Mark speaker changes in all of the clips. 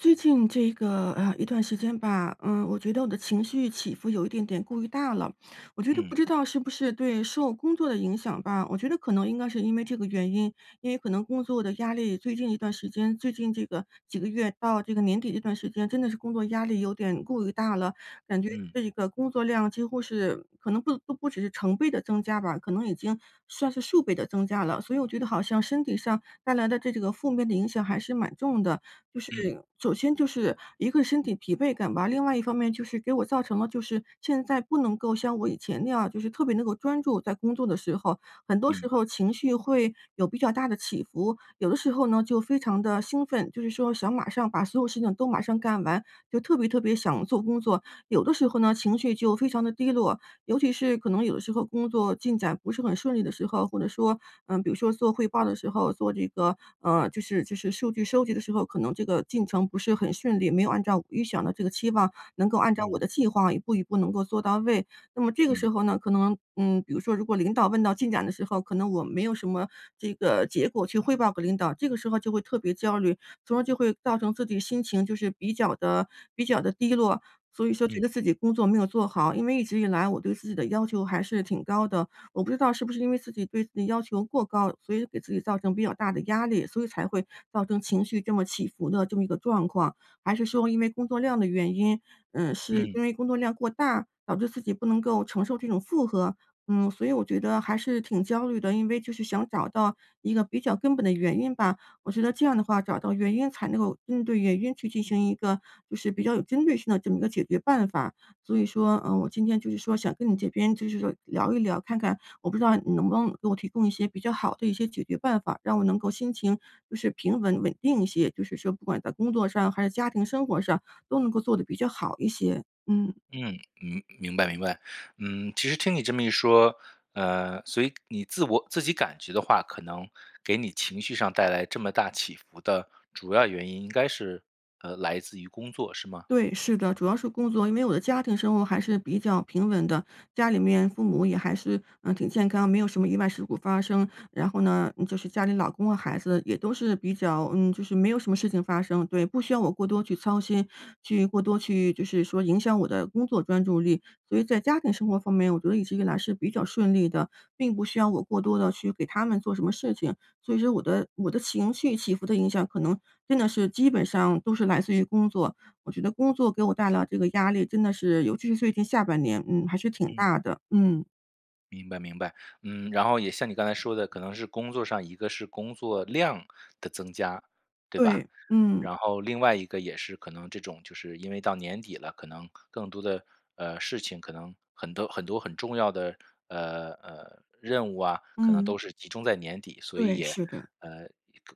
Speaker 1: 最近这一个呃，啊，一段时间吧，呃，我觉得我的情绪起伏有一点点过于大了。我觉得
Speaker 2: 嗯。
Speaker 1: 不知道是不是对，受工作的影响吧。我觉得可能应该是因为这个原因，因为可能工作的压力最近一段时间，最近这个，几个月到这个年底这段时间真的是工作压力有点过于大了，感觉
Speaker 2: 嗯。
Speaker 1: 这个工作量几乎是可能不不不只是成倍地增加吧，可能已经算是数倍地增加了。所以我觉得好像身体上带来的这个负面的影响还是蛮重的，就是
Speaker 2: 嗯。
Speaker 1: 首先就是一个身体疲惫感吧，另外一方面就是给我造成了就是现在不能够像我以前那样就是特别能够专注在工作的时候。很多时
Speaker 2: 嗯。
Speaker 1: 候情绪会有比较大的起伏，有的时候呢，就非常地兴奋，就是说想马上把所有事情都马上干完，就特别特别想做工作；有的时候呢，情绪就非常地低落，尤其是可能有的时候工作进展不是很顺利的时候，或者说，嗯，比如说做汇报的时候，做这个呃，就是就是数据收集的时候，可能这个进程不是很顺利，没有按照预想的这个期望能够按照
Speaker 2: 嗯。
Speaker 1: 我的计划一步一步能够做到位。那么这个
Speaker 2: 嗯。
Speaker 1: 时候呢，可能嗯，比如说如果领导问到进展的时候，可能我没有什么，这个结果去汇报给领导，这个时候就会特别焦虑，从而就会造成自己心情，就是比较地比较地低落，所以说觉
Speaker 2: 嗯。
Speaker 1: 得自己工作没有做好。因为一直以来我对自己的要求还是挺高的，我不知道是不是因为自己对自己要求过高，所以给自己造成比较大的压力，所以才会造成情绪这么起伏的这么一个状况？还是说因为工作量的原因，嗯，是
Speaker 2: 嗯。
Speaker 1: 因为工作量过大，导致自己不能够承受这种负荷？嗯，所以我觉得还是挺焦虑的。因为就是想找到一个比较根本的原因吧，我觉得这样的话找到原因才能够针对原因去进行一个就是比较有针对性的这么一个解决办法。所以说，呃，我今天，就是说想跟你这边，就是说聊一聊，看看我不知道你能不能给我提供一些比较好的一些解决办法，让我能够心情，就是平稳、稳定一些，就是说不管在工作上还是家庭生活上都能够做得比较好一些，嗯。
Speaker 2: 嗯嗯，明白明白。嗯，其实听你这么一说呃，所以你自我自己感觉的话，可能给你情绪上带来这么大起伏的主要原因应该是，呃，来自于工作，是吗？
Speaker 1: 对，是的，主要是工作。因为我的家庭生活还是比较平稳的，家里面父母也还是，呃，挺健康，没有什么意外事故发生。然后呢，就是家里老公和孩子也都是比较嗯，就是没有什么事情发生，对，不需要我过多去操心、去过多去就是说影响我的工作专注力。所以在家庭生活方面，我觉得一直以来是比较顺利的，并不需要我过多地去给他们做什么事情，所以说我的我的情绪起伏的影响可能真的是基本上都是来自于工作，我觉得工作给我带来这个压力真的是尤其是最近下半年，嗯，还是挺
Speaker 2: 嗯。
Speaker 1: 大的，嗯。
Speaker 2: 明白明白。嗯，然后也像你刚才说的，可能是工作上一个是工作量的增加，对吧？
Speaker 1: 对，嗯。
Speaker 2: 然后另外一个也是可能这种就是因为到年底了，可能更多的，呃，事情，可能很多很多很重要的，呃，呃，任务啊，可能
Speaker 1: 嗯。
Speaker 2: 都是集中在年底，所以
Speaker 1: 对，
Speaker 2: 也，
Speaker 1: 是的。
Speaker 2: 呃，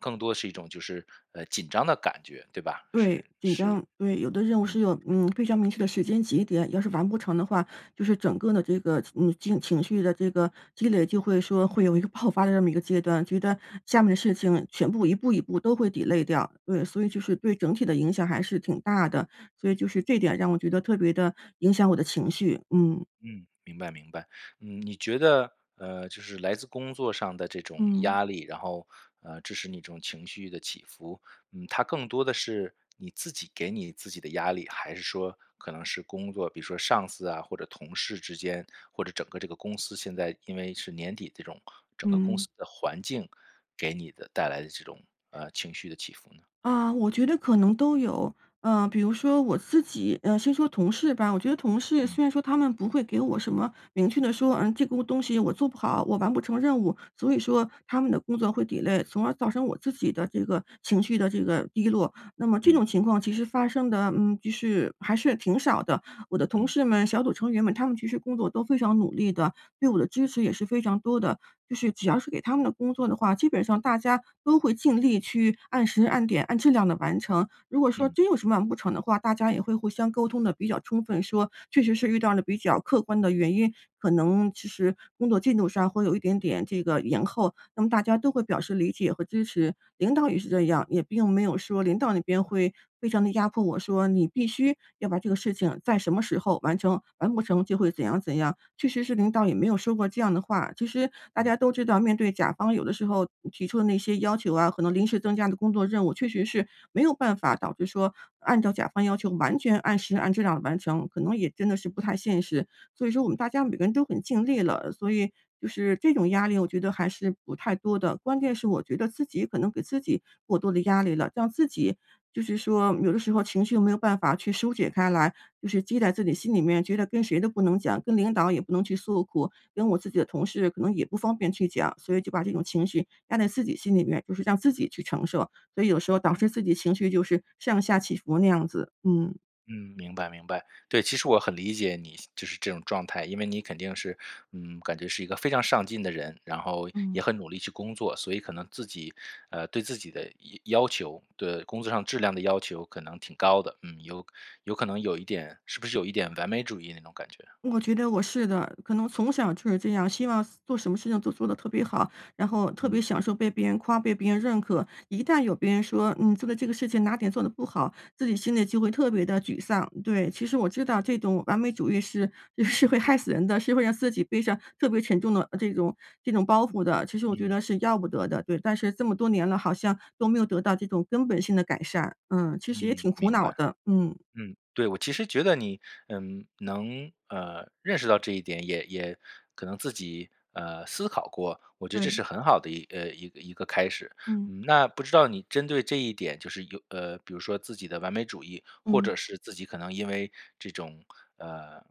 Speaker 2: 更多是一种就是，呃，紧张的感觉，对吧？
Speaker 1: 对，
Speaker 2: 是
Speaker 1: 紧
Speaker 2: 是
Speaker 1: 张，对。有的任务
Speaker 2: 嗯。
Speaker 1: 是有嗯，非常明确的时间节点。要是完不成的话，就是整个的这个，嗯情绪的这个积累就会说会有一个爆发的这么一个阶段，觉得下面的事情全部一步一步都会 delay 掉。对，所以就是对整体的影响还是挺大的。所以就是这点让我觉得，特别地影响我的情绪。嗯。
Speaker 2: 嗯，明白明白。嗯，你觉得呃，就是来自工作上的这种
Speaker 1: 嗯。
Speaker 2: 压力，然后，呃，致使你这种情绪的起伏。嗯，它更多的是你自己给你自己的压力，还是说可能是工作比如说上司啊或者同事之间，或者整个这个公司，现在因为是年底这种。整个公
Speaker 1: 嗯。
Speaker 2: 司的环境，给你的带来的这种，呃，情绪的起伏呢？
Speaker 1: 啊，我觉得可能都有。呃，比如说我自己呃，先说同事吧。我觉得同事
Speaker 2: 嗯。
Speaker 1: 虽然说他们不会给我什么明确地说，嗯，这个东西我做不好，我完不成任务，所以说他们的工作会 delay，从而造成我自己的这个情绪的这个低落。那么这
Speaker 2: 嗯。
Speaker 1: 种情况其实发生的嗯，就是还是挺少的。我的同
Speaker 2: 嗯。
Speaker 1: 事们、小组成员们，他们其实工作都非常努力的，对我的支持也是非常多的。就是只要是给他们的工作的话，基本上大家都会尽力，去按时、按点、按质量地完成。如果说
Speaker 2: 嗯。
Speaker 1: 真有什么完不成的话，大家也会互相沟通得比较充分说，确实是遇到了比较客观的原因，可能其实工作进度上，会有一点点这个延后，那么大家都会表示理解和支持。领导也是这样，也并没有说领导那边会非常地压迫我说，你必须要把这个事情在什么时候完成，完不成就会怎样怎样。确实是领导也没有说过这样的话。其实大
Speaker 2: 嗯
Speaker 1: 家都知道，面对甲方有的时候提出的那些要求啊可能临时增加的工作任务确实是，没有办法导致说，按照甲方要求，完全按时按质量地完成，可能也真的是不太现实。所以说我们大家每个人都很尽力了。所以就是这种压力，我觉得还是不太多的。关键是我觉得自己可能给自己过多的压力了，让自己就是说，有的时候情绪又没有办法去疏解开来。就是积在自己心里面，觉得跟谁都不能讲。跟领导也不能去诉苦，跟我自己的同事，可能也不方便去讲。所以就把这种情绪压在自己心里面就是让自己去承受。所以有时候导致自己情绪就是上下起伏那样子，嗯。
Speaker 2: 嗯，明白明白。对，其实我很理解你就是这种状态，因为你肯定是嗯，感觉是一个非常上进的人，然后
Speaker 1: 嗯。
Speaker 2: 也很努力去工作，所以可能自己，呃，对自己的要要求、对工作上质量的要求可能挺高的。嗯，有有可能有一点是不是有一点完美主义那种感觉？
Speaker 1: 我觉得我是的，可能从小就是这样，希望做什么事情都做得特别好，然后特别
Speaker 2: 嗯。
Speaker 1: 享受被别人夸、被别人认可，一旦有别人说你这个这个事情哪点做得不好，自己心里就会特别地沮丧。对，其实我知道这种完美主义是是会害死人的，是会让自己背着特别沉重的这种这种包袱的，其实我觉
Speaker 2: 嗯。
Speaker 1: 得是要不得的，对。但是这么多年了，好像都没有得到这种根本性的改善。嗯，其实也
Speaker 2: 嗯，
Speaker 1: 挺苦
Speaker 2: 明
Speaker 1: 恼
Speaker 2: 白。
Speaker 1: 的，嗯。
Speaker 2: 嗯，对，我其实觉得你，呃，能，呃，认识到这一点，也也可能自己，呃，思考过，我觉得这
Speaker 1: 对。
Speaker 2: 是很好的一呃，一个一个开始。
Speaker 1: 嗯。
Speaker 2: 那不知道你针对这一点，就是有呃，比如说自己的完美主义，或
Speaker 1: 嗯。
Speaker 2: 者是自己可能因为这种呃，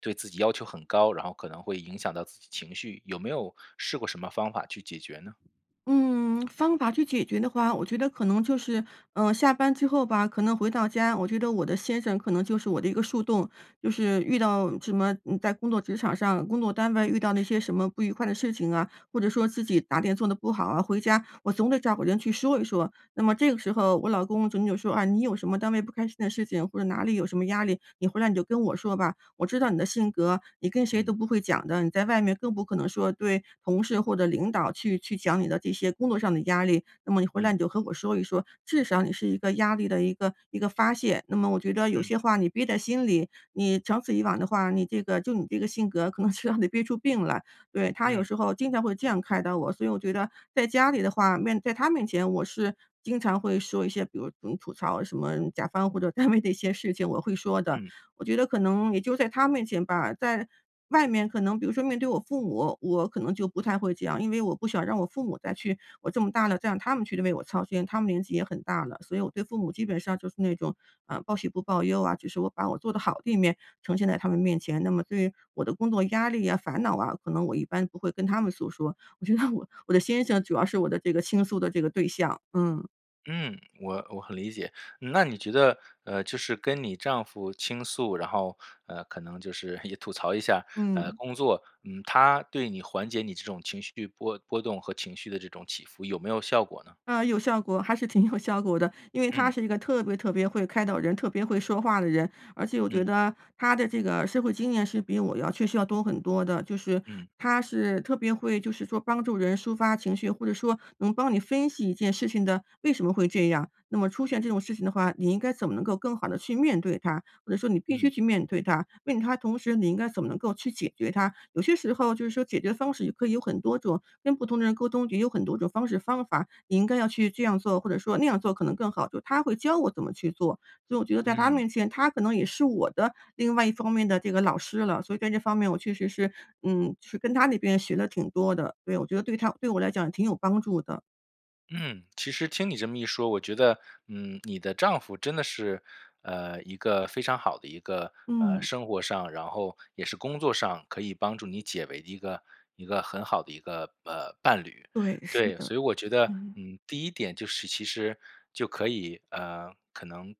Speaker 2: 对自己要求很高，然后可能会影响到自己情绪，有没有试过什么方法去解决呢？
Speaker 1: 嗯，方法去解决的话，我觉得可能就是，呃，下班之后吧，可能回到家我觉得我的先生可能就是我的一个树洞。就是遇到什么，嗯，在工作职场上、工作单位遇到那些什么不愉快的事情啊，或者说自己哪点做得不好啊，回家我总得找个人去说一说。那么这个时候我老公准就说：“啊，你有什么单位不开心的事情，或者哪里有什么压力，你回来你就跟我说吧。我知道你的性格，你跟谁都
Speaker 2: 嗯。
Speaker 1: 不会讲的，你在外面更不可能说对同事或者领导去去讲你的这些工作上的压力，那么你回来
Speaker 2: 嗯。
Speaker 1: 你就和我说一说，至少你是一个压力的一个一个发泄，那么我觉得有
Speaker 2: 嗯。
Speaker 1: 些话你憋在心里，你长此以往的话，你这个就你这个性格，可能就让你憋出病来“。对，他有
Speaker 2: 嗯。
Speaker 1: 时候经常会这样看待我，所以我觉得在家里的话，面在他面前，我是经常会说一些，比如各种吐槽什么甲方或者单位的一些事情，我会说的。
Speaker 2: 嗯。
Speaker 1: 我觉得可能也就在他面前吧，在外面可能比如说面对我父母，我可能就不太会讲，因为我不想让我父母再去我这么大了，再让他们去为我操心。他们年纪也很大了，所以我对父母基本上就是那种，啊，报喜不报忧啊，就是我把我做得好的一面呈现在他们面前，那么对我的工作压力啊、烦恼啊，可能我一般不会跟他们诉说，我觉得我我的先生主要是我的这个倾诉的这个对象，嗯。
Speaker 2: 嗯，我我很理解。那你觉得，呃，就是跟你丈夫倾诉，然后，呃，可能就是也吐槽一下，呃，
Speaker 1: 嗯。
Speaker 2: 工作，嗯，他对你缓解你这种情绪波波动和情绪的这种起伏有没有效果呢？
Speaker 1: 呃，有效果，还是挺有效果的，因为他
Speaker 2: 嗯。
Speaker 1: 是一个特别特别会开导人、特别会说话的人。而且我觉
Speaker 2: 嗯。
Speaker 1: 得他的这个社会经验是比我要确实要多很多的，就是
Speaker 2: 嗯。
Speaker 1: 他是特别会，就是说帮助人抒发情绪，或者说能帮你分析一件事情的为什么会这样，那么出现这种事情的话，你应该怎么能够更好地去面对它，或者说你必须
Speaker 2: 嗯。
Speaker 1: 去面对它。并且它同时你应该怎么能够去解决它。有些时候就是说解决方式也可以有很多种，跟不同的人沟通，也有很多种方式方法，你应该要去这样做，或者说那样做可能更好，就他会教我怎么去做。所以我觉得在他
Speaker 2: 嗯。
Speaker 1: 面前，他可能也是我的另外一方面的这个老师了，所以在这方面我确实是，嗯，就是跟他那边学得挺多的，对，我觉得对他对我来讲挺有帮助的。
Speaker 2: 嗯。其实听你这么一说我觉得，嗯，你的丈夫真的是，呃，一个非常好的一个呃，
Speaker 1: 嗯。
Speaker 2: 生活上，然后也是工作上可以帮助你解围的一个一个很好的一个，呃，伴侣。
Speaker 1: 对，是
Speaker 2: 对，
Speaker 1: 的，
Speaker 2: 所以我觉得，
Speaker 1: 嗯。
Speaker 2: 嗯，第一点就是其实就可以，呃，可能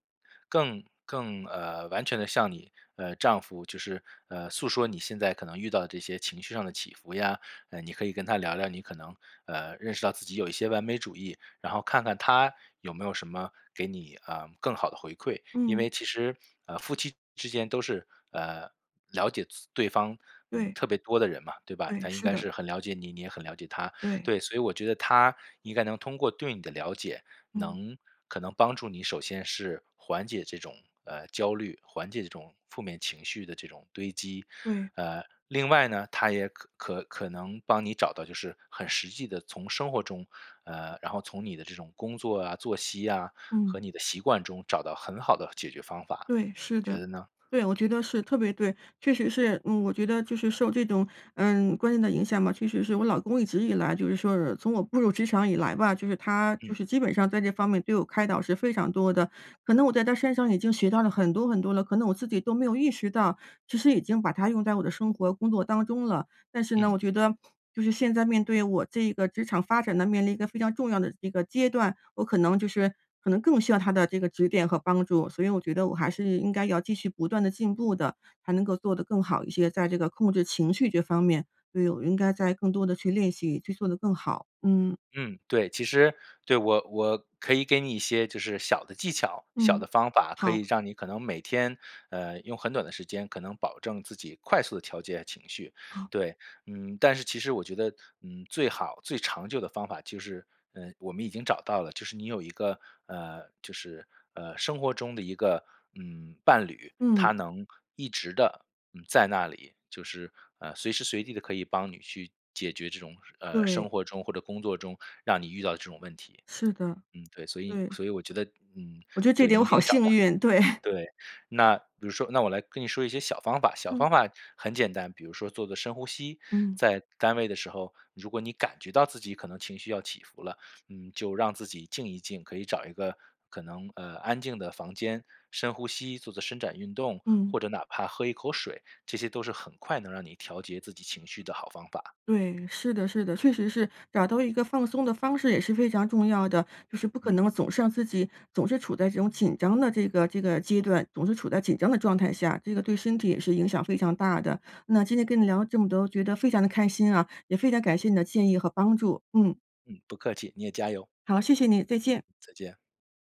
Speaker 2: 更更，呃，完全的向你，呃，丈夫就是，呃，诉说你现在可能遇到的这些情绪上的起伏呀，啊，你可以跟他聊聊你可能，呃，认识到自己有一些完美主义，然后看看他有没有什么给你，呃，更好的回馈。因为
Speaker 1: 嗯。
Speaker 2: 其实，呃，夫妻之间都是，呃，了解自对方，嗯，
Speaker 1: 对。
Speaker 2: 特别多的人嘛，对吧？
Speaker 1: 对，
Speaker 2: 他应
Speaker 1: 是
Speaker 2: 该
Speaker 1: 的。
Speaker 2: 是很了解你，你也很了解他。
Speaker 1: 对。
Speaker 2: 对，所以我觉得他应该能通过对你的了解，
Speaker 1: 嗯。
Speaker 2: 能可能帮助你，首先是缓解这种，呃，焦虑，缓解这种负面情绪的这种堆积。
Speaker 1: 对。
Speaker 2: 呃，另外呢，他也可可可能帮你找到就是很实际的从生活中，呃，然后从你的这种工作啊、作息啊和
Speaker 1: 嗯。
Speaker 2: 你的习惯中找到很好的解决方法，
Speaker 1: 对，是
Speaker 2: 你觉
Speaker 1: 的。
Speaker 2: 得呢？
Speaker 1: 对，我觉得是，特别对。确实是，嗯，我觉得就是受这种，呃，观念的影响吧，确实是我老公一直以来就是说是从我步入职场以来吧，就是他就
Speaker 2: 嗯。
Speaker 1: 是基本上在这方面对我开导是非常多的。可能我在他身上已经学到了很多很多了，可能我自己都没有意识到，其实已经把它用在我的生活、工作当中了。但是呢，
Speaker 2: 嗯。
Speaker 1: 我觉得就是现在面对我这一个职场发展呢，面临一个非常重要的一个阶段，我可能就是可能更需要他的这个指点和帮助，所以我觉得我还是应该要继续不断地进步的，才能够做得更好一些，在这个控制情绪这方面觉得我应该再更多地去练习，去做得更好。嗯。
Speaker 2: 嗯，对。其实对，我我可以给你一些就是小的技巧、小
Speaker 1: 嗯，
Speaker 2: 的方法，可
Speaker 1: 好。
Speaker 2: 以让你可能每天，呃，用很短的时间可能保证自己快速地调节情绪。
Speaker 1: 好。
Speaker 2: 对，嗯，但是其实我觉得，嗯，最好、最长久的方法就是，呃，我们已经找到了就是你有一个，呃，就是，呃，生活中的一个，嗯，伴侣，
Speaker 1: 嗯。
Speaker 2: 他能一直的，嗯，在那里，就是，呃，随时随地的可以帮你去解决这种，呃，
Speaker 1: 对。
Speaker 2: 生活中或者工作中让你遇到这种问题。
Speaker 1: 是的，
Speaker 2: 嗯，对，所以
Speaker 1: 对。
Speaker 2: 所以我觉得，嗯，
Speaker 1: 我觉得这
Speaker 2: 对，
Speaker 1: 点
Speaker 2: 你
Speaker 1: 我
Speaker 2: 已
Speaker 1: 好
Speaker 2: 经找
Speaker 1: 幸
Speaker 2: 到。
Speaker 1: 运，对。
Speaker 2: 对，那比如说那我来跟你说一些小方法，小
Speaker 1: 嗯。
Speaker 2: 方法很简单，比如说做做深呼吸，
Speaker 1: 嗯。
Speaker 2: 在单位的时候，如果你感觉到自己可能情绪要起伏了，嗯，就让自己静一静，可以找一个可能，呃，安静的房间深呼吸、做做伸展运动，
Speaker 1: 嗯。
Speaker 2: 或者哪怕喝一口水，这些都是很快能让你调节自己情绪的好方法。
Speaker 1: 对，是的是的。确实是找到一个放松的方式也是非常重要的，就是不可
Speaker 2: 嗯。
Speaker 1: 能总是让自己总是处在这种紧张的这个这个阶段，总是处在紧张的状态下，这个对身体也是影响非常大的。那今天跟你聊了这么多，觉得非常地开心啊，也非常感
Speaker 2: 嗯。
Speaker 1: 谢你的建议和帮助，嗯。
Speaker 2: 嗯，不客气，你也加油。
Speaker 1: 好，谢谢你，再见。
Speaker 2: 再见。